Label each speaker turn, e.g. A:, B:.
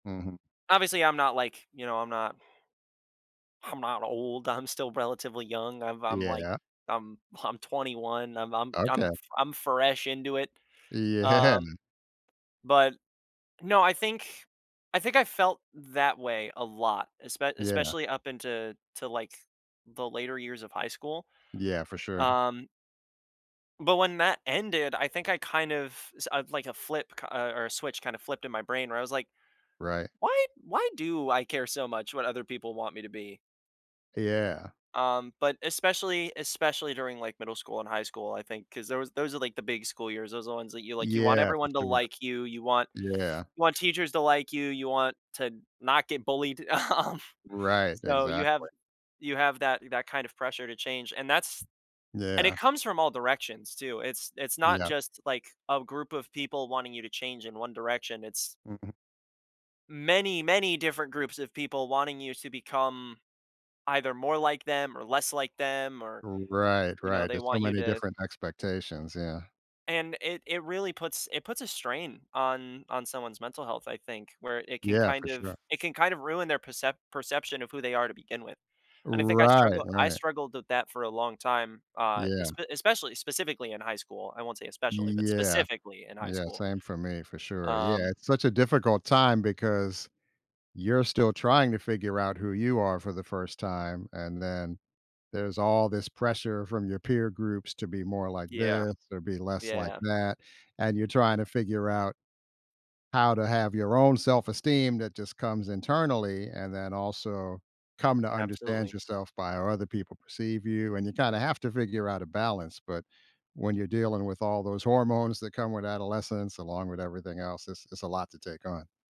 A: Mhm.
B: Obviously, I'm not like, you know, I'm not I'm not old, I'm still relatively young, I'm I'm, like,
A: Yeah.
B: I'm I'm 21, I'm I'm I'm
A: Okay.
B: fr I'm fresh into it,
A: Yeah.
B: um, but no, I think I think I felt that way a lot, espe
A: Yeah.
B: especially up into to, like, the later years of high school,
A: Yeah, for sure.
B: um but when that ended, I think I kind of, s uh, like a flip k uh, or a switch kinda flipped in my brain where I was like,
A: Right.
B: "Why why do I care so much what other people want me to be?"
A: Yeah.
B: Um, but especially especially during, like, middle school and high school, I think, 'cause those those are, like, the big school years, those are ones that you, like, you want
A: Yeah, for
B: everyone to
A: sure.
B: like you, you want
A: Yeah.
B: you want teachers to like you, you want to not get bullied. Um,
A: Right,
B: so, you have
A: exactly.
B: you have that that kind of pressure to change, and that's and it
A: Yeah.
B: comes from all directions, too, it's it's not
A: Yep.
B: just, like, a group of people wanting you to change in one direction, it's
A: Mhm.
B: many, many different groups of people wanting you to become either more like them or less like them or,
A: R right,
B: you know,
A: right.
B: they
A: There's so
B: want you
A: many
B: to
A: different expectations, yeah.
B: And it it really puts it puts a strain on on someone's mental health, I think, where it can
A: Yeah, for
B: kind of
A: sure.
B: it can kind of ruin their percept perception of who they are to begin with. And I think I
A: Right,
B: struggle I
A: right.
B: struggled with that for a long time, uh,
A: Yeah.
B: espe especially specifically in high school. I won't say especially, but
A: Yeah,
B: specifically in high
A: yeah,
B: school.
A: same for me, for sure, yeah.
B: Um
A: It's such a difficult time because you're still trying to figure out who you are for the first time, and then there's all this pressure from your peer groups to be more like
B: Yeah.
A: this or be less like
B: Yeah.
A: that, and you're trying to figure out how to have your own self-esteem that just comes internally, and then also come to understand
B: Absolutely.
A: yourself by how other people perceive you, and you kinda have to figure out a balance, but when you're dealing with all those hormones that come with adolescence, along with everything else, it's it's a lot to take on.